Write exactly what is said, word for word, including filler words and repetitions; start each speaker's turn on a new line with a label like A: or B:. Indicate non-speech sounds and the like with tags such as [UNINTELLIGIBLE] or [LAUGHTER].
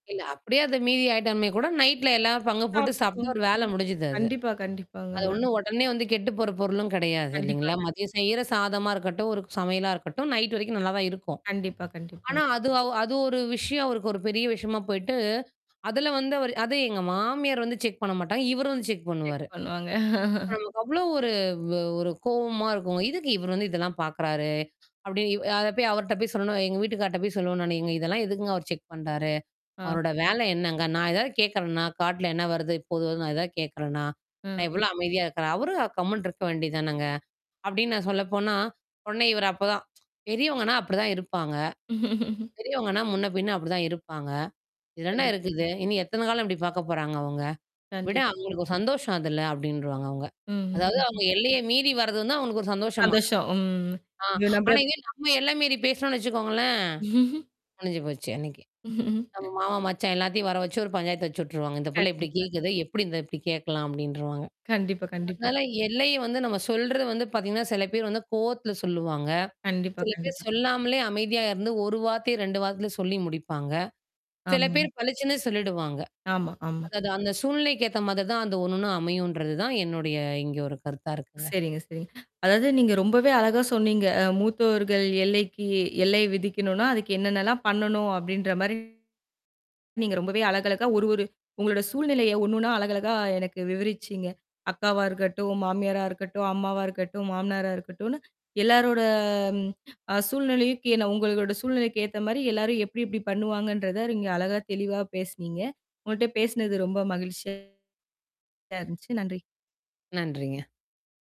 A: இல்ல, அப்படியே அத மீறி ஆயிட்டாமே கூட நைட்ல எல்லாம் பங்கு போட்டுட்டு சாப்பிட
B: சாப்ட்டுபோம்
A: ஒரு வேலை முடிஞ்சுது அது.
B: கண்டிப்பா, கண்டிப்பாங்க.
A: அது
B: [UNINTELLIGIBLE]
A: ஒண்ணும் உடனே வந்து கெட்டுப்போற பொருளும் கிடையாது
B: கண்டிப்பா,
A: இல்லீங்களா.
B: கண்டிப்
A: மதியம் செயிர சாதமா இருக்கட்டும், ஒரு சமையலா இருக்கட்டும், நைட்டு வரைக்கும் நல்லாதான் இருக்கும்.
B: கண்டிப்பா,
A: ஆனா
B: கண்டிப்பாங்க.
A: அது அது ஒரு விஷயம் அவருக்கு ஒரு பெரிய விஷயமா போயிட்டு, அதுல வந்து அவரு அதும் எங்க மாமியார் வந்து செக் பண்ண மாட்டாங்க. இவரு வந்து செக்
B: செக்
A: பண்ணுவாரு.
B: பண்ணுவாங்க. [CHUCKLES]
A: நமக்கு அவ்ளோ ஒரு-ஒரு கோவமா இருக்கும். "எதுக்கு இவரு வந்து இதெல்லாம் பார்க்கிறாரு." அப்படினு அத போய் அவர்ட்ட போய் சொல்லுவேன் எங்க வீட்டுக்காரர்கிட்ட போய் சொல்லுவேன் நானு. "ஏங்க இதெல்லாம் எதுக்குங்க அவர் செக் பண்றாரு.
B: ஆ.
A: அவரோட
B: சரிங்க.
A: வேலை என்னங்க. நான் ஏதாவது கேட்கறேனா? காட்டுல என்ன வருது, போகுதுன்னு நான் ஏதாவது கேட்கறேனா? நான்
B: ம்.
A: இவ்ளோ அமைதியா இருக்கேன். அவரு கம்முன்னு இருக்க வேண்டியது தானேங்க." அப்படின்னு நான் சொல்லப்போனா உடனே இவரு அப்பதான், [TSK] "பெரியவங்கன்னா அப்படித்தான் இருப்பாங்க.
B: [CHUCKLES]
A: பெரியவங்கன்னா முன்ன பின்னா அப்படித்தான் இருப்பாங்க. இது என்ன
B: கண்டிப்பா
A: இருக்குது? இனி எத்தனை காலம் இப்படி பார்க்கப் போறாங்க அவங்க? விட
B: கண்டிப்பா.
A: அவங்களுக்கு ஒரு சந்தோஷம் அதுல" அப்படின்றுவாங்க அவங்க.
B: ம். ம்.
A: அதாவது
B: ம்ஹ்ம்.
A: அவங்க எல்லையை மீறி வர்றது வந்து அவங்களுக்கு ஒரு
B: [UNINTELLIGIBLE]
A: சந்தோஷமாம்.
B: அதாச்சும், ம்,
A: ஆ
B: இது நம்ப
A: ஆனா, இங்க நாம எல்லை மீறி பேசினோம்னு வச்சுக்கோங்களேன்,
B: [CHUCKLES]
A: முடிஞ்சு போச்சு அன்னைக்கு. நம்ம
B: [CHUCKLES]
A: மாமா, மச்சான் எல்லாத்தையும் வரவச்சு ஒரு பஞ்சாயத்து வச்சுட்டுருவாங்க. "இந்தப் புள்ள இப்படி
B: கண்டிப்பா.
A: கேக்குதே, எப்படி இந்த இப்படி கேட்கலாம்?" அப்படின்றுவாங்க.
B: கண்டிப்பா, கண்டிப்பா.
A: அதனால எல்லைய வந்து நாம சொல்றது வந்து பார்த்தீங்கன்னா, சில பேர் வந்து கோவத்துல சொல்லுவாங்க.
B: கண்டிப்பா,
A: சில பேர்
B: கண்டிப்பா.
A: சொல்லாமலே அமைதியா இருந்து ஒரு வார்த்தையில ரெண்டு வார்த்தையில சொல்லி முடிப்பாங்க. சில
B: ஆமாங்க.
A: பேர் பலிச்சுன்னு சொல்லிடுவாங்க.
B: ஆமா, ஆமா.
A: அதாவது அந்தச் சூழ்நிலைக்கு ஏத்தமாரி தான் அந்த ஒண்ணு ஒண்ணும் அமையும்ன்றது தான் என்னுடைய இங்க ஒரு கருத்தா இருக்குங்க.
B: சரிங்க, சரிங்க. அதாவது நீங்க ரொம்பவே அழகா சொன்னீங்க. அ மூத்தோர்கள் எல்லைக்கி எல்லை விதிக்கணும்னா அதுக்கு என்னனெல்லாம் பண்ணணும் அப்படின்ற மாரி ரொம்பவே அழகா அழகா ஒரு ஒரு உங்களோட சூழ்நிலையை ஒண்ணுன்னா அழகா அழகா எனக்கு விவரிச்சிங்க. அக்காவா இருக்கட்டும், மாமியாரா இருக்கட்டும், அம்மாவா இருக்கட்டும், மாமனாரா இருக்கட்டும், எல்லாரோட அ சூழ்நிலைக் கே உங்களோட சூழ்நிலைக்கு ஏத்த மாரி எல்லாரும் எப்படி, எப்படி பண்ணுவாங்கன்றதை நீங்க அழகா, தெளிவா பேசினீங்க. உங்கள்ட்ட பேசினது ரொம்ப மகிழ்ச்சியா இருந்துச்சு. நன்றி.
A: நன்றிங்க.